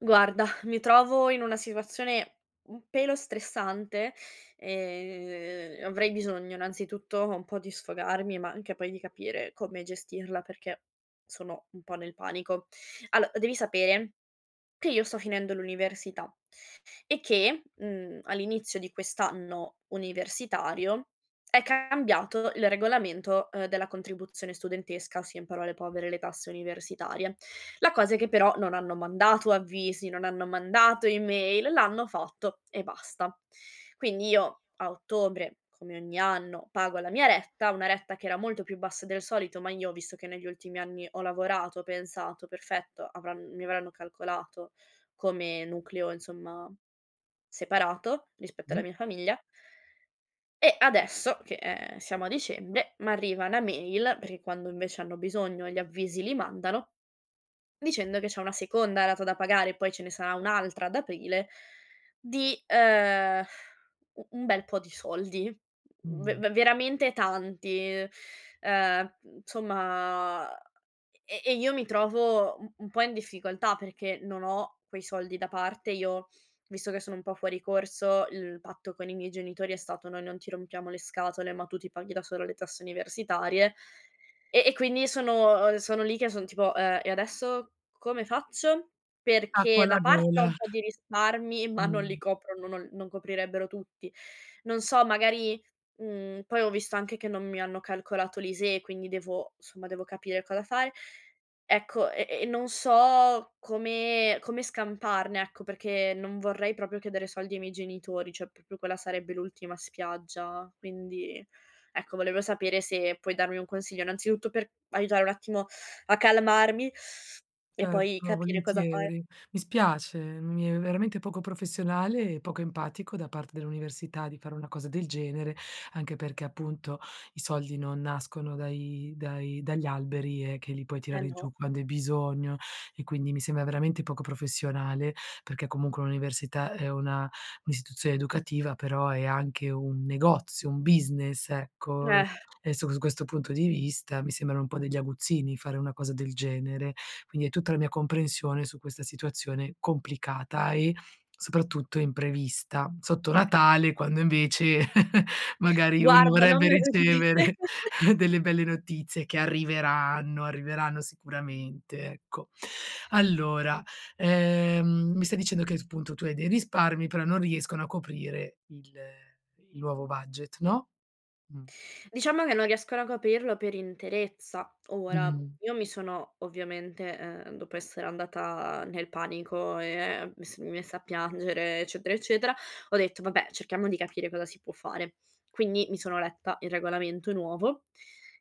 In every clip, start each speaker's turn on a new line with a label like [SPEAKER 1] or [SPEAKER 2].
[SPEAKER 1] Guarda, mi trovo in una situazione un pelo stressante, ehm, avrei bisogno, innanzitutto, un po' di sfogarmi, ma anche poi di capire come gestirla perché sono un po' nel panico. Allo devi sapere che io sto finendo l'università e che, mhmm, all'inizio di quest'anno universitario, è cambiato il regolamento, ehm, della contribuzione studentesca, ossia, in parole povere, le tasse universitarie. La cosa è che, però, non hanno mandato avvisi, non hanno mandato email, l'hanno fatto e basta. Quindi, io, a ottobre, come ogni anno, pago la mia retta, una retta che era molto più bassa del solito, ma io visto che negli ultimi anni ho lavorato, ho pensato: "Perfetto avran mi avranno calcolato come nucleo, insomma, separato rispetto alla
[SPEAKER 2] Mh.
[SPEAKER 1] mia famiglia". E adesso che, ehm, siamo a dicembre, m'arriva una mail, perché quando, invece, hanno bisogno gli avvisi li mandano, dicendo che c'è una seconda rata da pagare e poi ce ne sarà un'altra ad aprile, di, uhm, u un bel po' di soldi. V
[SPEAKER 2] Mh.
[SPEAKER 1] ve veramente tanti, ehm, insomma e e io mi trovo un un po' in difficoltà perché non ho quei soldi da parte io, visto che sono un po' fuori corso, il patto con i miei genitori è stato: "Noi non ti rompiamo le scatole, ma tu ti paghi da sola le tasse universitarie" e e quindi sono sono lì che son tipo: "Ehm, e adesso come faccio?"
[SPEAKER 2] Acqua
[SPEAKER 1] Perché
[SPEAKER 2] alla
[SPEAKER 1] da parte ho
[SPEAKER 2] gola.
[SPEAKER 1] un po' di risparmi, ma non li
[SPEAKER 2] Mh.
[SPEAKER 1] coprono, non non coprirebbero tutti. Non so, magari, mhmm, poi ho visto anche che non mi hanno calcolato l'ISEE, quindi devo somma, devo capire cosa fare. Ecco, e e non so come come scamparne, ecco, perché non vorrei proprio chiedere soldi ai miei genitori, cioè, proprio quella sarebbe l'ultima spiaggia, quindi, ecco, volevo sapere se puoi darmi un consiglio, innanzitutto, per aiutare un attimo a calmarmi e poi
[SPEAKER 2] Certo,
[SPEAKER 1] capire cosa fare.
[SPEAKER 2] volentieri. Mi spiace, mi è veramente poco professionale e poco empatico da parte dell'università di fare una cosa del genere, anche perché, appunto, i soldi non nascono dai dai dagli alberi, ehm, che li puoi
[SPEAKER 1] Eh,
[SPEAKER 2] tirare
[SPEAKER 1] no.
[SPEAKER 2] giù quando hai bisogno e quindi mi sembra veramente poco professionale perché comunque un'università è una un'istituzione educativa, però è anche un negozio, un business, ecco
[SPEAKER 1] Eh.
[SPEAKER 2] e su questo punto di vista mi sembrano un po' degli aguzzini fare una cosa del genere, quindi hai tutta la mia comprensione su questa situazione complicata e, soprattutto, imprevista. Sotto Natale, quand, invece, magari uno
[SPEAKER 1] Guarda, non
[SPEAKER 2] vorrebbe
[SPEAKER 1] me lo dire.
[SPEAKER 2] ricevere delle belle notizie che arriveranno, arriveranno sicuramente, ecco. Allora, ehm, mi stai dicendo che, appunto, tu hai dei risparmi, però non riescono a coprire il il nuovo budget, no? Mh.
[SPEAKER 1] Diciamo che non riescono a coprirlo per interezza. Ora,
[SPEAKER 2] Mh.
[SPEAKER 1] io mi sono ovviamente, ehm, dopo essere andata nel panico, ehm, mi s mi messa a piangere, eccetera, eccetera, ho detto: "Vabbè, cerchiamo di capire cosa si può fare". Quindi mi sono letta il regolamento nuovo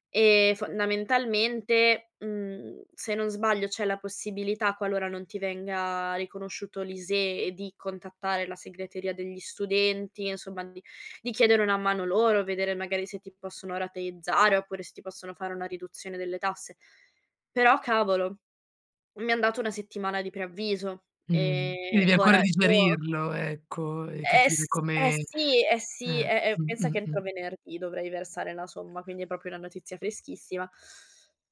[SPEAKER 1] e, fondamentalmente, mhmm, se non sbaglio c'è la possibilità, qualora non ti venga riconosciuto l'ISEE, di contattare la segreteria degli studenti, insomma, di di chiedere una mano loro, vedere magari se ti possono rateizzare oppure se ti possono fare una riduzione delle tasse. Però, cavolo, mi han dato una settimana di preavviso.
[SPEAKER 2] Mh,
[SPEAKER 1] E
[SPEAKER 2] devi ancora
[SPEAKER 1] ora io
[SPEAKER 2] digerirlo, ecco, e
[SPEAKER 1] Eh
[SPEAKER 2] capire
[SPEAKER 1] s eh
[SPEAKER 2] come
[SPEAKER 1] sì, eh sì,
[SPEAKER 2] eh,
[SPEAKER 1] è è
[SPEAKER 2] mh,
[SPEAKER 1] pensa che
[SPEAKER 2] mh-mh.
[SPEAKER 1] entro venerdì dovrei versare la somma, quindi è proprio una notizia freschissima.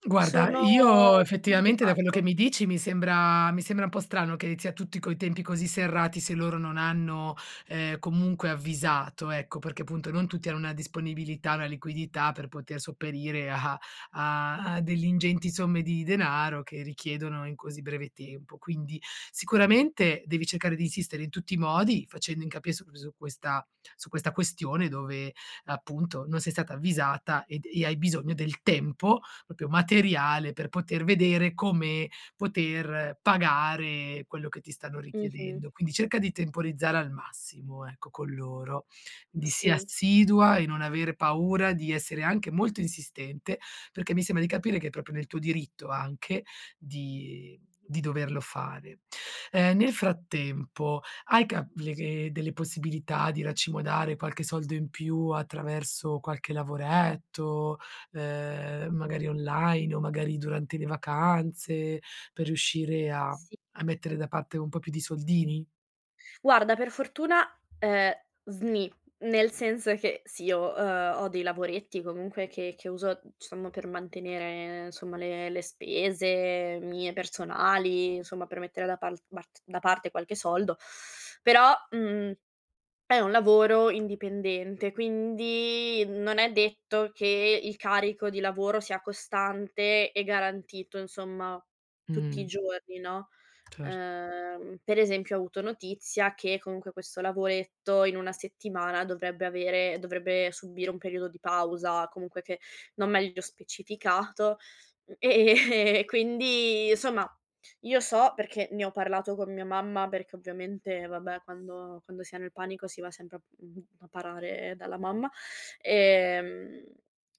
[SPEAKER 2] Guarda,
[SPEAKER 1] Sono è
[SPEAKER 2] io,
[SPEAKER 1] proprio
[SPEAKER 2] effettivamente, da quello che
[SPEAKER 1] antipatico.
[SPEAKER 2] mi dici, mi sembra mi sembra un po' strano che sia tutti coi tempi così serrati, se loro non hanno, ehm, comunque avvisato. Ecco perché, appunto, non tutti hanno una disponibilità, una liquidità per poter sopperire a a a delle ingenti somme di denaro che richiedono in così breve tempo. Quindi sicuramente devi cercare di insistere in tutti i modi, facendo incapi su que su questa su questa questione dove, appunto, non sei stata avvisata ed e hai bisogno del tempo, proprio materiale, per poter vedere come poter pagare quello che ti stanno
[SPEAKER 1] Mh-mh.
[SPEAKER 2] richiedendo, quindi cerca di temporizzare al massimo, ecco, con loro, di sì,
[SPEAKER 1] Sì.
[SPEAKER 2] assidua e non avere paura di essere anche molto insistente, perché mi sembra di capire che è proprio nel tuo diritto anche di di doverlo fare. Ehm, nel frattempo, hai ca le le delle possibilità di racimolare qualche soldo in più attraverso qualche lavoretto, ehm, magari online o magari durante le vacanze per riuscire a
[SPEAKER 1] Sì.
[SPEAKER 2] a mettere da parte un po' più di soldini?
[SPEAKER 1] Guarda, per fortuna, ehm, sni, nel senso che, sì, ho uhm, ho dei lavoretti comunque che che uso, uhm, diciamo per mantenere, somma, le le spese mie personali, insomma, per mettere da pal bart da parte qualche soldo. Però, mhmm, è un lavoro indipendente, quindi non è detto che il carico di lavoro sia costante e garantito, insomma, tutti i
[SPEAKER 2] Mh.
[SPEAKER 1] giorni, no?
[SPEAKER 2] Cer
[SPEAKER 1] Ehm, per esempio, ho avuto notizia che comunque questo lavoretto in una settimana dovrebbe avere dovrebbe subire un periodo di pausa comunque che non meglio specificato, ehm, quindi, insomma, io so perché ne ho parlato con mia mamma perché ovviamente, vabbè, quando quando si è nel panico si va sempre a mhmm, a parare dalla mamma, ehm,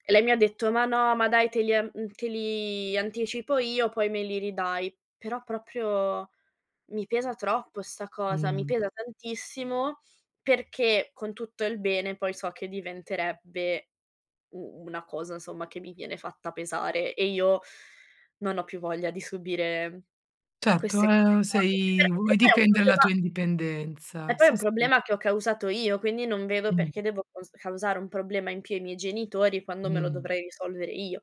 [SPEAKER 1] e lei mi ha detto: "Ma no, ma dai, te li an uhm, te li anticipo io, poi me li ridai". Però proprio mi pesa troppo sta cosa, mi
[SPEAKER 2] Mh-mh.
[SPEAKER 1] pesa tantissimo, perché, con tutto il bene, poi so che diventerebbe u una cosa, insomma, che mi viene fatta pesare e io non ho più voglia di subire
[SPEAKER 2] Certo,
[SPEAKER 1] queste cose
[SPEAKER 2] ehm,
[SPEAKER 1] qua.
[SPEAKER 2] sei
[SPEAKER 1] [unintelligible]
[SPEAKER 2] vuoi
[SPEAKER 1] che poi è un
[SPEAKER 2] difendere la
[SPEAKER 1] problema
[SPEAKER 2] tua
[SPEAKER 1] E
[SPEAKER 2] indipendenza,
[SPEAKER 1] poi è
[SPEAKER 2] sì,
[SPEAKER 1] un
[SPEAKER 2] sì.
[SPEAKER 1] problema che ho causato io, quindi non vedo
[SPEAKER 2] Mh-mh.
[SPEAKER 1] perché devo caus causare un problema in più ai miei genitori quando me lo
[SPEAKER 2] Mh.
[SPEAKER 1] dovrei risolvere io.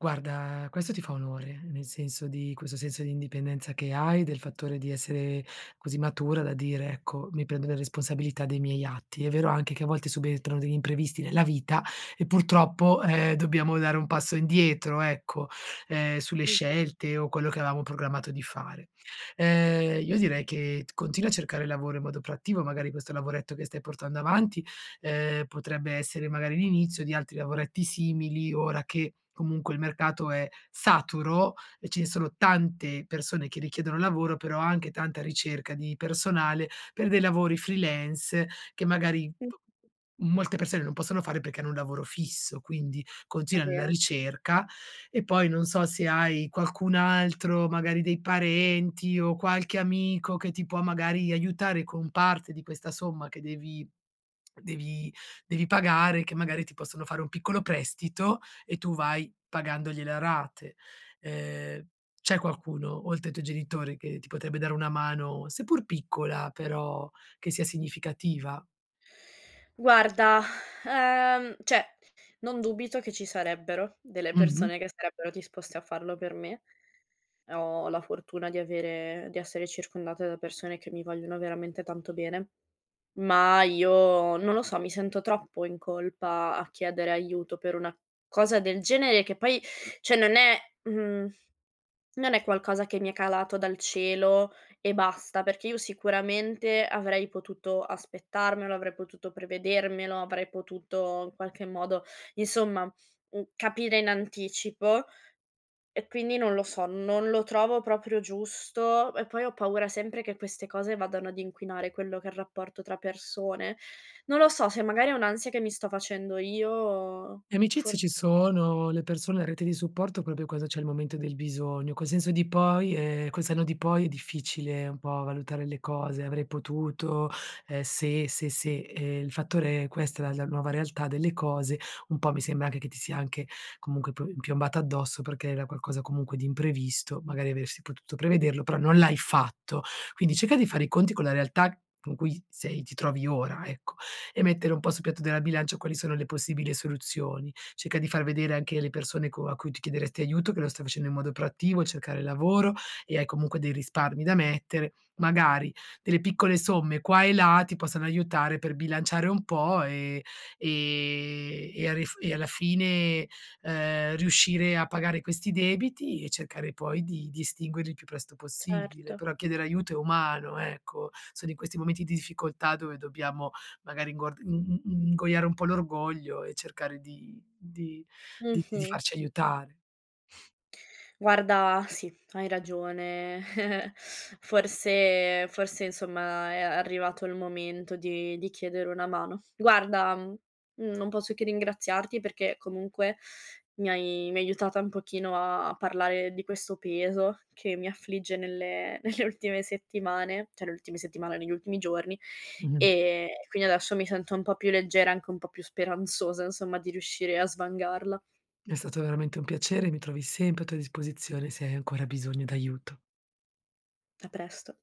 [SPEAKER 2] Guarda, questo ti fa onore, nel senso di questo senso di indipendenza che hai, del fattore di essere così matura da dire: "Ecco, mi prendo le responsabilità dei miei atti". È vero anche che a volte subentrano degli imprevisti nella vita e, purtroppo, ehm, dobbiamo dare un passo indietro, ecco, ehm, sulle
[SPEAKER 1] Mh.
[SPEAKER 2] scelte o quello che avevamo programmato di fare. Ehm, io direi che t continua a cercare lavoro in modo proattivo, magari questo lavoretto che stai portando avanti, ehm, potrebbe essere magari l'inizio di altri lavoretti simili, ora che comunque il mercato è saturo e ce ne sono tante persone che richiedono lavoro, però anche tanta ricerca di personale per dei lavori freelance che magari
[SPEAKER 1] Mh.
[SPEAKER 2] p molte persone non possono fare perché hanno un lavoro fisso, quindi
[SPEAKER 1] È
[SPEAKER 2] continua nella
[SPEAKER 1] vero.
[SPEAKER 2] ricerca e poi, non so, se hai qualcun altro, magari dei parenti o qualche amico che ti può, magari, aiutare con parte di questa somma che devi devi devi pagare, che magari ti possono fare un piccolo prestito e tu vai pagandogliele a rate. Ehm, c'è qualcuno, oltre ai tuoi genitori, che ti potrebbe dare una mano, seppur piccola, però che sia significativa?
[SPEAKER 1] Guarda, ehm, cioè, non dubito che ci sarebbero delle
[SPEAKER 2] Mh-mh.
[SPEAKER 1] persone che sarebbero disposte a farlo per me. Ho la fortuna di avere di essere circondata da persone che mi vogliono veramente tanto bene, ma io, non lo so, mi sento troppo in colpa a chiedere aiuto per una cosa del genere che poi cioè non è mhmm, non è qualcosa che mi è calato dal cielo e basta, perché io sicuramente avrei potuto aspettarmelo, avrei potuto prevedermelo, avrei potuto, in qualche modo, insomma, mhmm, capire in anticipo, e quindi, non lo so, non lo trovo proprio giusto. E poi ho paura sempre che queste cose vadano ad inquinare quello che è il rapporto tra persone. Non lo so, se magari è un'ansia che mi sto facendo io o
[SPEAKER 2] Le
[SPEAKER 1] fo
[SPEAKER 2] amicizie ci sono, le persone, la rete di supporto, proprio cosa c'è al momento del bisogno, col senso di poi ehm, col senno di poi è difficile un po' valutare le cose, "avrei potuto", ehm, "se, se, se". Ehm, il fattore è questa è la la nuova realtà delle cose, un po' mi sembra anche che ti sia anche, comunque, pi piombata addosso perché era qualcosa comunque di imprevisto, magari avresti potuto prevederlo, però non l'hai fatto. Quindi cerca di fare i conti con la realtà c con cui sei ti trovi ora, ecco e mettere un po' sul piatto della bilancia quali sono le possibile soluzioni. Cerca di far vedere anche le persone co a cui tu chiederesti aiuto che lo stai facendo in modo proattivo, cercare lavoro e hai comunque dei risparmi da mettere, magari delle piccole somme qua e là, ti possono aiutare per bilanciare un po' e ehm, e a ris e alla fine, ehm, riuscire a pagare questi debiti e cercare poi di di estinguerli il più presto possibile.
[SPEAKER 1] Certo.
[SPEAKER 2] Però chiedere aiuto è umano, ecco, sono in questi momenti di difficoltà dove dobbiamo, magari inguard in in ingoiare un po' l'orgoglio e cercare di di di di
[SPEAKER 1] Mh-mh.
[SPEAKER 2] farci aiutare.
[SPEAKER 1] Guarda, sì, hai ragione. Forse forse, insomma, ehm, è arrivato il momento di di chiedere una mano. Guarda, mhmm, non posso che ringraziarti perché comunque mi hai mi hai aiutata un pochino a parlare di questo peso che mi affligge nelle nelle ultime settimane, cioè le ultime settimane, negli ultimi giorni,
[SPEAKER 2] Mh.
[SPEAKER 1] ehm, quindi adesso mi sento un po' più leggera, anche un po' più speranzosa, insomma, di riuscire a svangarla.
[SPEAKER 2] È stato veramente un piacere. Mi trovi sempre a tua disposizione, se hai ancora bisogno d'aiuto.
[SPEAKER 1] A presto.